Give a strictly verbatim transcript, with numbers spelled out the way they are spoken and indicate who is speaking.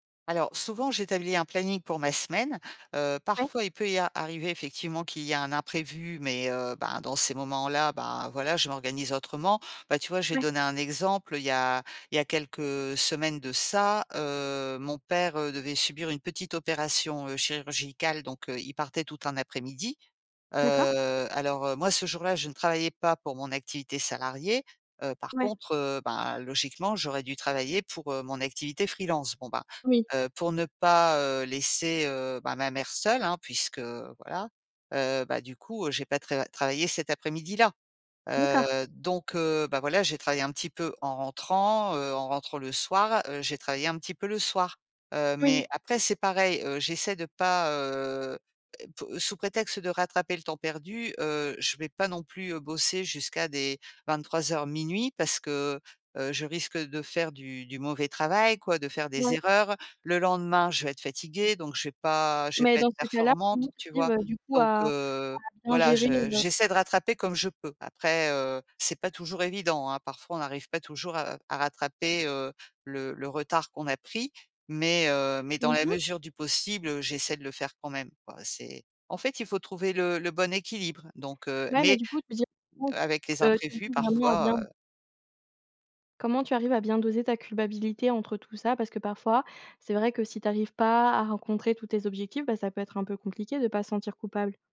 Speaker 1: Alors, souvent, j'établis un planning pour ma semaine. Heu,
Speaker 2: Ouais.
Speaker 1: parfois, il peut y a arriver, effectivement, qu'il y a un imprévu, mais, heu, ben, dans ces moments-là, ben, voilà, je m'organise autrement. Bah, tu vois, je vais
Speaker 2: Ouais.
Speaker 1: donner un exemple. Il y a il y a quelques semaines de ça, heu, mon père, heu, devait subir une petite opération, heu, chirurgicale, donc, heu, il partait tout un après-midi. Heu,
Speaker 2: D'accord.
Speaker 1: alors, heu, moi, ce jour-là, je ne travaillais pas pour mon activité salariée, heu, par
Speaker 2: Ouais.
Speaker 1: contre, heu, bah, logiquement, j'aurais dû travailler pour, heu, mon activité freelance. Bon, bah,
Speaker 2: Oui.
Speaker 1: heu, pour ne pas, heu, laisser, heu, bah, ma mère seule, hein, puisque voilà. Heu, bah du coup, j'ai pas tra travaillé cet après-midi-là.
Speaker 2: D'accord.
Speaker 1: Heu, donc, heu, bah, voilà, j'ai travaillé un petit peu en rentrant, heu, en rentrant, le soir, heu, j'ai travaillé un petit peu le soir. Heu,
Speaker 2: Mmh mh.
Speaker 1: mais après, c'est pareil, heu, j'essaie de pas, heu, é po heu, sous prétexte de rattraper le temps perdu, heu, je vais pas non plus, heu, bosser jusqu'à des vingt-trois heures-minuit, parce que, heu, je risque, heu, de faire du du mauvais travail, quoi, de faire des
Speaker 2: Ouais.
Speaker 1: erreurs. Le lendemain, je vais être fatiguée, donc je vais pas je vais
Speaker 2: Mais,
Speaker 1: pas
Speaker 2: dans
Speaker 1: être
Speaker 2: ces cas-là, comment
Speaker 1: performante, tu
Speaker 2: tu
Speaker 1: vois?
Speaker 2: arrives, du coup,
Speaker 1: Donc,
Speaker 2: à à
Speaker 1: heu,
Speaker 2: bien
Speaker 1: voilà,
Speaker 2: gérer
Speaker 1: je
Speaker 2: le
Speaker 1: j'essaie de rattraper comme je peux. Après, heu, c'est pas toujours évident, hein. Parfois, on n'arrive pas toujours, heu, à rattraper, heu le le retard qu'on a pris. Mais, heu, mais, dans
Speaker 2: Mmh
Speaker 1: la
Speaker 2: mh.
Speaker 1: mesure du possible, heu, j'essaie de le faire quand même, quoi, c'est en fait, il faut trouver le le bon équilibre, donc, heu
Speaker 2: Ouais, mais
Speaker 1: mais,
Speaker 2: du coup,
Speaker 1: heu,
Speaker 2: [unintelligible]
Speaker 1: avec les
Speaker 2: heu
Speaker 1: imprévus parfois,
Speaker 2: [unintelligible]
Speaker 1: heu
Speaker 2: Comment tu arrives à bien doser ta culpabilité entre tout ça? Parce que parfois, c'est vrai que si tu arrives pas à rencontrer tous tes objectifs, bah, ça peut être un peu compliqué de pas se sentir coupable.